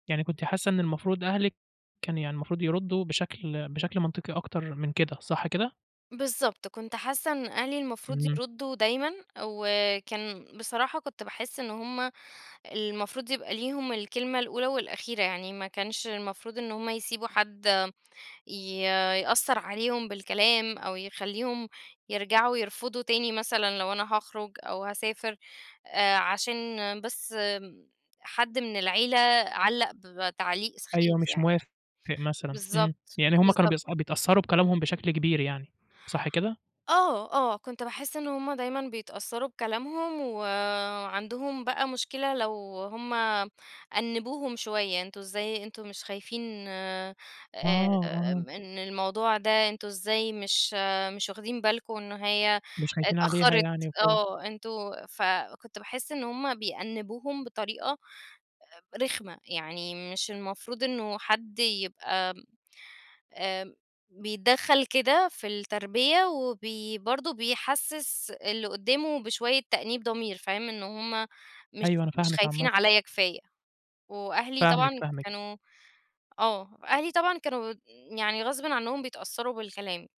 يعني كنتِ حاسة إن المفروض أهلِك كان يعني المفروض يردوا بشكل بشكل منطقي أكتر من كده، صح كده؟ بالضبط، كنت حاسة إن أهلي المفروض إمم. يردوا دايمًا، وكان بصراحة كنت باحس إن هُم المفروض يبقى ليهم الكلمة الأولى والأخيرة يعني، ما كانش المفروض إن هُم يسيبوا حد ي يأثّر عليهم بالكلام، أو يخليهم يرجعوا يرفضوا تاني مثلًا، لو أنا هاخرج أو هاسافر، آآ، عشان بس حد من العيلة علّق بتعليق أيوه سخيف مش يعني. موافق مثلًا، إمم بالضبط، يعني هم كانوا بالضبط. بيثأ بيتأثّروا بكلامهم بشكل كبير يعني، صح كده؟ آه، آه، كنت باحس إن هُم دايمًا بيتأثّروا بكلامهم، وعندهم بقى مشكلة لو هُم أنّبوهم شوية، أنتم إزاي أنتم مش خايفين آآ، آه، آه. إن الموضوع ده أنتم إزاي مش مش واخدين بالكم إن هي مش خايفين عليها اتأخرت؟ يعني وكده. آه، أنتم فكنت باحس إن هُم بيأنّبوهم بطريقة آآ رخمة يعني، مش المفروض إنه حد يبقى آآ بيتدخل كده في التربية، وبي برضه بيحسس اللي قدامه بشوية تأنيب ضمير فاهم، إن هُم مش أيوه أنا مش فاهمِك خايفين عامةً. عليّا كفاية، وأهلي فاهمِك، طبعًا فاهمِك. كانوا آه، أهلي طبعًا كانوا يعني غصبًا عنهم بيتأثّروا بالكلام.